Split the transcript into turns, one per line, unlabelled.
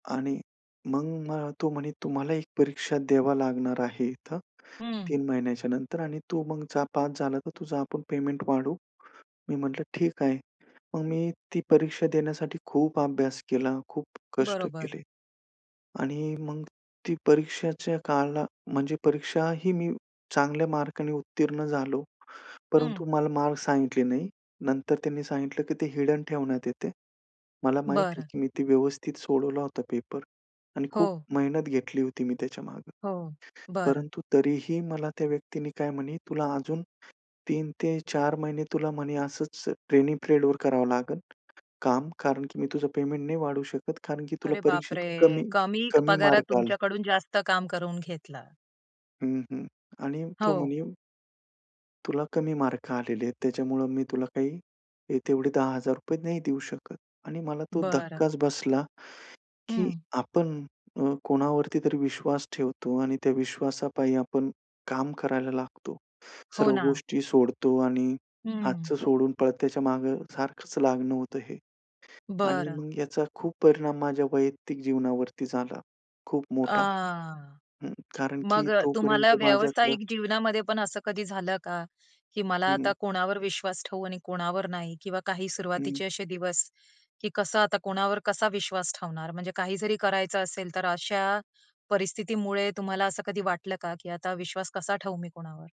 आणि मग मला तो म्हणे, "तुम्हाला एक परीक्षा द्यावा लागणार आहे इथं
हं.
3 महिन्याच्या नंतर आणि तू मग जा, पास झाला तर तुझा आपण पेमेंट वाढवू." मी म्हटलं, "ठीक आहे." मग मी ती परीक्षा देण्यासाठी खूप अभ्यास केला, खूप कष्ट
बरोबर.
केले आणि मग ती परीक्षेच्या काला म्हणजे परीक्षाही मी चांगल्या मार्काने उत्तीर्ण झालो.
हं.
परंतु मला मार्क सांगितले नाही. नंतर त्यांनी सांगितलं की ते हिडन ठेवण्यात येते. मला माहिती आहे
बरं.
की मी ते व्यवस्थित सोडवला होता पेपर आणि खूप
हो.
मेहनत घेतली होती मी त्याच्यामागे.
हो, बरं.
परंतु तरीही मला त्या व्यक्तीनी काय म्हणे तुला अजून 3 ते 4 महिने तुला म्हणे असंच ट्रेनिंग पिरियडवर करावं लागेल काम कारण की मी तुझं पेमेंट नाही वाढवू शकत कारण की तुला
अरे,
परीक्षेत
बापरे!
कमी
कमी
कमी
पगारात
मार्क आले.
तुमच्याकडून जास्त काम करून घेतलं.
हं, हं आणि तो म्हणे
हो.
तुला कमी मार्क आलेले आहेत. त्याच्यामुळं मी तुला काही हे तेवढे ₹10,000 नाही देऊ शकत आणि मला तो
बरं.
धक्काच बसला की
हं.
आपण अ, कोणावरती तरी विश्वास ठेवतो आणि त्या विश्वासापायी आपण काम करायला लागतो.
हो
सर्व
ना.
गोष्टी सोडतो आणि
हं.
हातचं सोडून पळत्याच्या मागे सारखंच लागणं होतं हे आणि
बरं.
मग याचा खूप परिणाम माझ्या वैयक्तिक जीवनावरती झाला. खूप मोठा.
आ.
हं कारण की
मग अ,
तोपर्यंत
तुम्हाला
माझ्याकडं
व्यावसायिक जीवनामध्ये पण असं कधी झालं का, की मला
हं,
आता
हं.
कोणावर विश्वास ठेवू आणि कोणावर नाही किंवा काही
हं.
सुरुवातीचे असे दिवस की कसं आता कोणावर कसा विश्वास ठेवणार. म्हणजे काही जरी करायचं असेल तर अशा परिस्थितीमुळे तुम्हाला असं कधी वाटलं का की आता विश्वास कसा ठेवू मी कोणावर?